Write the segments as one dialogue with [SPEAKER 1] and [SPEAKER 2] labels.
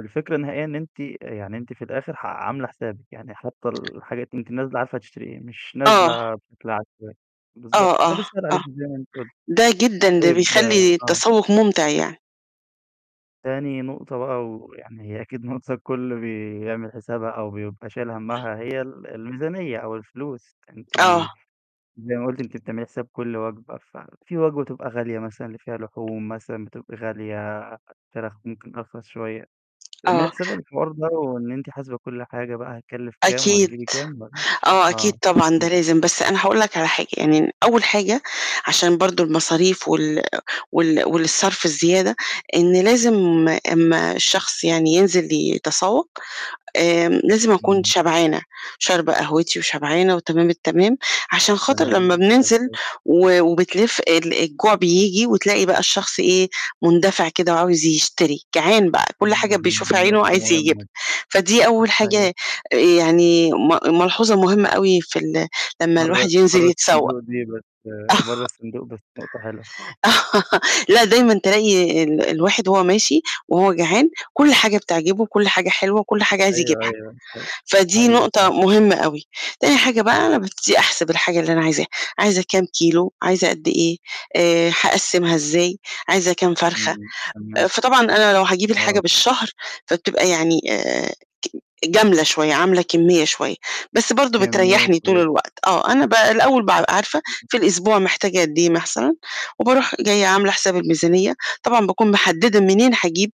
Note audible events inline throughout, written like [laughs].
[SPEAKER 1] الفكرة النهائية إن أنتِ آآ يعني أنتِ في الآخر ح عاملة حسابِك، يعني حاطة الحاجات وأنتِ نازلة عارفة هتشتري إيه، مش
[SPEAKER 2] آه.
[SPEAKER 1] نازلة بشكل عشوائي، بالضبط،
[SPEAKER 2] آه،
[SPEAKER 1] فده
[SPEAKER 2] آه،
[SPEAKER 1] بيسهل
[SPEAKER 2] آه.
[SPEAKER 1] عليكِ زي ما أنتِ قُلتِ.
[SPEAKER 2] ده جدًا ده
[SPEAKER 1] طيب
[SPEAKER 2] بيخلّي
[SPEAKER 1] آه.
[SPEAKER 2] التسوق ممتع يعني.
[SPEAKER 1] تاني نقطة بقى، ويعني هي أكيد نقطة الكُل بيعمل حسابها أو بيبقى شايل همّها، هي ال الميزانية أو الفلوس. أنتِ
[SPEAKER 2] آه.
[SPEAKER 1] زي ما قُلتِ أنتِ بتعملي حساب كُل وجبة، ففي وجبة بتبقى غالية مثلًا، اللي فيها لحوم مثلًا بتبقى غالية، الفراخ ممكن أرخص شوية. بتعملي
[SPEAKER 2] آه.
[SPEAKER 1] حساب الحوار ده، وإن أنتِ حاسبة كُل حاجة بقى هتكلف كام
[SPEAKER 2] أكيد،
[SPEAKER 1] وهتجيبي كام؟ [unintelligible]
[SPEAKER 2] آه، أكيد
[SPEAKER 1] آه.
[SPEAKER 2] طبعًا ده
[SPEAKER 1] [unintelligible]
[SPEAKER 2] لازم، بس أنا هاقول لك على حاجة، يعني أول حاجة عشان برضو المصاريف وال وال والصرف الزيادة، إن لازم أمّا الشخص يعني ينزل يتسوّق، آآ لازم أكون
[SPEAKER 1] إمم.
[SPEAKER 2] شبعانة، شاربة قهوتي، وشبعانة، وتمام التمام. عشان خاطر
[SPEAKER 1] تمام،
[SPEAKER 2] لمّا
[SPEAKER 1] دي حاجة
[SPEAKER 2] بننزل
[SPEAKER 1] كويسة.
[SPEAKER 2] و وبتلِف ال الجوع بيبجي، وتلاقي بقى الشخص إيه، مندفع كده وعاوز يشتري، جعان بقى، كُل
[SPEAKER 1] إمم،
[SPEAKER 2] حاجة
[SPEAKER 1] دي
[SPEAKER 2] بيشوفها
[SPEAKER 1] ن
[SPEAKER 2] عينه
[SPEAKER 1] نقطة
[SPEAKER 2] عايز يجيبها.
[SPEAKER 1] مهمة.
[SPEAKER 2] فدي أول
[SPEAKER 1] ده حقيقي.
[SPEAKER 2] حاجة يعني م ملحوظة مهمة أوي في ال لمّا
[SPEAKER 1] برّه
[SPEAKER 2] الواحد ينزل
[SPEAKER 1] بّره
[SPEAKER 2] يتسوّق.
[SPEAKER 1] الصندوق دي بس
[SPEAKER 2] آه.
[SPEAKER 1] برّه الصندوق بس نقطة حلوة. [chuckles]
[SPEAKER 2] [laughs] لأ، دايمًا تلاقي ال الواحد وهو ماشي، وهو جعان، كُل حاجة بتعجبه، كُل حاجة حلوة، وكُل حاجة عايز
[SPEAKER 1] أيوه،
[SPEAKER 2] يجيبها،
[SPEAKER 1] أيوه، حقيقة.
[SPEAKER 2] فدي
[SPEAKER 1] حقيقي
[SPEAKER 2] نقطة
[SPEAKER 1] فعلًا.
[SPEAKER 2] مهمة أوي. تاني حاجة بقى، أنا بابتدي أحسب الحاجة اللي أنا عايزاها، عايزة كام كيلو؟ عايزة قد إيه؟ آآ هاقسِّمها إزاي؟ عايزة كام فرخة؟
[SPEAKER 1] إمم، تمام.
[SPEAKER 2] فطبعًا أنا لو هاجيب الحاجة
[SPEAKER 1] آه.
[SPEAKER 2] بالشهر، فبتبقى يعني آآ ج جَملة شوية، عاملة كمية شوية، بس برضو
[SPEAKER 1] كمية
[SPEAKER 2] بتريحني طول
[SPEAKER 1] كبيرة.
[SPEAKER 2] الوقت. آه، أنا ب الأول بابقى عارفة
[SPEAKER 1] إمم.
[SPEAKER 2] في الأسبوع محتاجة قد إيه مثلًا، وباروح جاية عاملة حساب الميزانية، طبعًا باكون محددة منين هاجيب،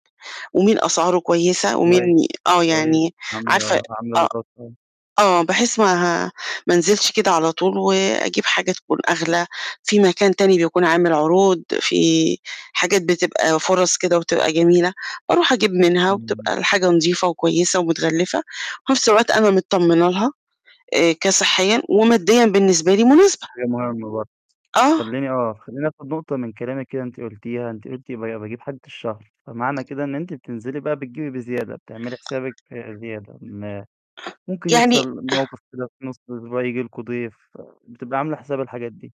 [SPEAKER 2] ومين أسعاره كويسة، ومين
[SPEAKER 1] كويس،
[SPEAKER 2] آه
[SPEAKER 1] كويس،
[SPEAKER 2] يعني عارفة
[SPEAKER 1] عاملة عاملة
[SPEAKER 2] آه،
[SPEAKER 1] دراسات.
[SPEAKER 2] آه بحيث ما ه ما أنزلش كده على طول، وأجيب حاجة تكون
[SPEAKER 1] امم.
[SPEAKER 2] أغلى، في مكان تاني بيكون عامل عروض، في حاجات بتبقى فرص كده وتبقى جميلة، باروح أجيب منها
[SPEAKER 1] إمم.
[SPEAKER 2] وبتبقى الحاجة نضيفة وكويسة ومتغلفة، وفي نفس الوقت أنا متطمنة لها، آآ
[SPEAKER 1] آه.
[SPEAKER 2] كصحيًا وماديًا بالنسبة لي
[SPEAKER 1] دي
[SPEAKER 2] مناسبة.
[SPEAKER 1] حاجة مهمة برضو.
[SPEAKER 2] آه.
[SPEAKER 1] خلّيني آه، خلّيني آخد نقطة من كلامِك كده أنتِ قُلتيها، أنتِ قُلتِ ب باجيب حاجة الشهر، فمعنى كده إن أنتِ بتنزلي بقى بتجيبي بزيادة، بتعملي حسابِك زيادة. ما ممكن
[SPEAKER 2] يعني
[SPEAKER 1] يحصل
[SPEAKER 2] [clears throat]
[SPEAKER 1] موقِف كده في نص الأسبوع ييجي لكم ضيف، بتبقي عاملة حساب الحاجات دي.